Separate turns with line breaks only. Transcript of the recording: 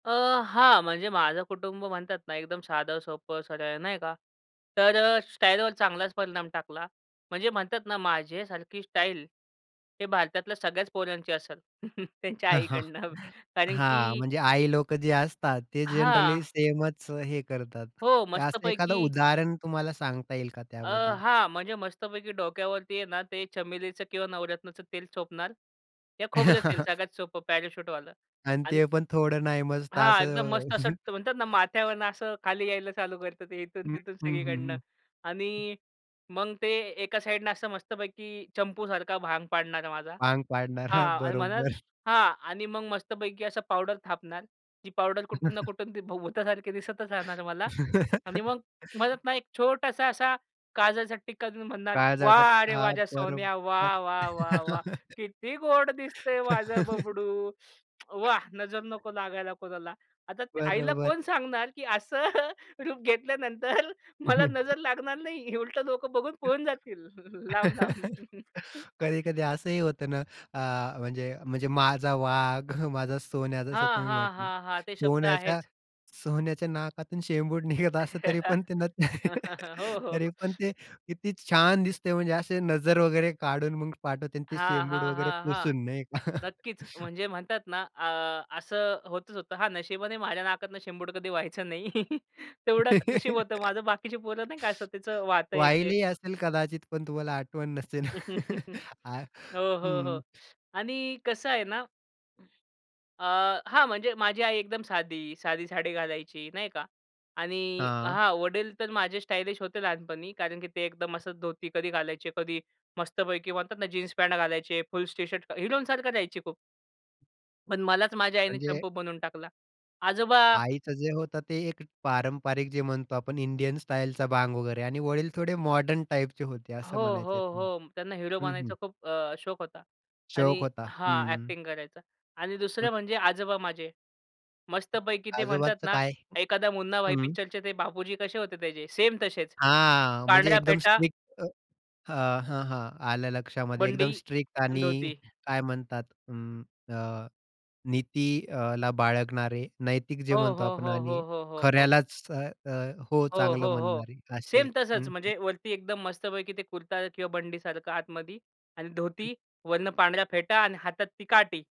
अ, हां, म्हणजे माझं कुटुंब म्हणतात ना एकदम साधं, सोपं, सरळ नाही का, तर अ, स्टाईलवर चांगलाच परिणाम टाकला. म्हणजे म्हणतात ना, माझ्यासारखी स्टाईल हे भारतातल्या सगळ्याच पोरांची असेल. त्यांच्या आईकडनं कारण
हां,
की
म्हणजे आई लोकं जे असतात, ते जनरली
हां.
सेमच अ, हे करतात.
हो,
असं एखाद
मस्तपैकी
उदाहरण तुम्हाला सांगता येईल का
अ,
त्याबद्दल?
हां, म्हणजे मस्तपैकी डोक्यावरती आहे ना, ते चमेलीचं किंवा नवरत्नाचं तेल चोपणार या खोबरं तेल सगळ्यात सोपं पॅराशूटवालं
आणि
आणि
ते पण थोडं नाही मस्त
हां, एकदम
असं
मस्त असं ट म्हणतात ना माथ्यावरनं असं खाली यायला चालू करत ते इथून,
हं.
तिथून
हं,
सगळीकडनं
हं, हं.
आणि मग ते एका साईडनं असं मस्तपैकी चंपूसारखा भांग पाडणार माझा.
भांग पाडणार. हां,
हां आणि म्हणल
बरोबर.
हां, आणि मग मस्तपैकी असं पावडर थापणार. जी पावडर कुठून ना, कुठून ती भुतासारखी दिसतच राहणार मला. आणि मग म्हणत ना, एक छोटासा असा काजळचा टीक्का देऊन म्हणणार,
काळजाचा
"वाह
ट
रे वाह!
हां,
माझ्या सोन्या,
बरोबर.
वाह, वाह, वाह, वाह! किती गोड दिसतंय माझं बबडू. वाह! नजर नको लागायला कोणाला." आता आईला
बरोबर.
कोण सांगणार की असं रूप घेतल्यानंतर मला नजर लागणार नाही उलटं लोकं बघून पळून जातील लांब-लांब.
कधी-कधी असंही होतं ना, अ, म्हणजे म्हणजे माझा वाघ, माझा सोन्या जसं
हां,
तुम्ही
हां,
म्हटले.
हां, हां. ते शब्द
सोन्याच्या,
आहेच.
सोन्याच्या नाकातून शेंबूड निघत असतं, तरी पण ते न
हो, हो,
तरी
हो.
पण ते किती छान
[unintelligible]
दिसतंय, म्हणजे असे नजर वगैरे काढून मग पाठवते आणि ते
हां,
शेंबूड
हां,
वगैरे
हां, हां.
पुसून नाही का.
नक्कीच म्हणजे म्हणतात ना, अ, असं होतच होतं. हां, नशिबाने माझ्या नाकातनं शेंबूड कधी वाहायचा नाही. तेवढं नशीब होतं माझं. बाकीची पोरं नाही काय त्याच वाहतं ते.
वाहिलेही असेल कदाचित, पण तुम्हाला आठवण नसेल. अ,
हो, हो, हो.
हं.
आणि कसं आहे ना? अ, हां, म्हणजे माझी आई एकदम साधी, साधी साडी घालायची नाही का आणि
हां.
हां, वडील तर माझे स्टायलिश होते लहानपणी. कारण की ते एकदम असंच धोती कधी घालायचे, कधी मस्तपैकी म्हणतात ना, जीन्स पॅन्ट घालायचे, फुल टी शर्ट हिरोंसारखं रहायचे खूप. पण मलाच माझ्या आईने
म्हणजे
चंपू बनवून टाकला. आजोबा
आईचं जे होतं, ते एक पारंपरिक जे म्हणतो, आपण इंडियन स्टाईलचा भांग वगैरे आणि वडील थोडे मॉडर्न टाइपचे होते असं
हो, हो,
म्हणायचे.
हो. त्यांना हीरो
हं, हं.
बनायचा खूप अ, शोक होता.
शौक
आणि
होता.
हां,
हं.
अ‍ॅक्टिंग करायचा. आणि दुसरं
हं.
म्हणजे आजोबा माझे. मस्तपैकी ते म्हणतात
आजोबांचं
ना,
काय?
एखादा मुन्ना भाई
हं.
पिक्चरचे ते बापूजी कसे होते त्याचे, सेम तसेच.
हां, म्हणजे
पांढऱ्या
एकदम
फेटा
स्ट्रिक्ट अ, हं, हं., आलं लक्षामध्ये. एकदम
बंडी
स्ट्रिक्ट
आणि
आणि
धोती.
काय म्हणतात. अं, अ, नीती अला बाळगणारे नैतिक जे
हो,
म्हणतो
हो,
आपण
हो,
आणि
हो, हो, हो, हो.
खऱ्यालाच अ, अ, हो,
हो,
चांगलं
हो, हो.
म्हणणारे असे.
सेम तसंच,
हं, हं.
म्हणजे वरती एकदम मस्तपैकी ते कुर्ता किंवा बंडीसारखं आतमधी आणि धोती,
हं.
वरनं पांढऱ्या फेटा आणि हातात ती काठी.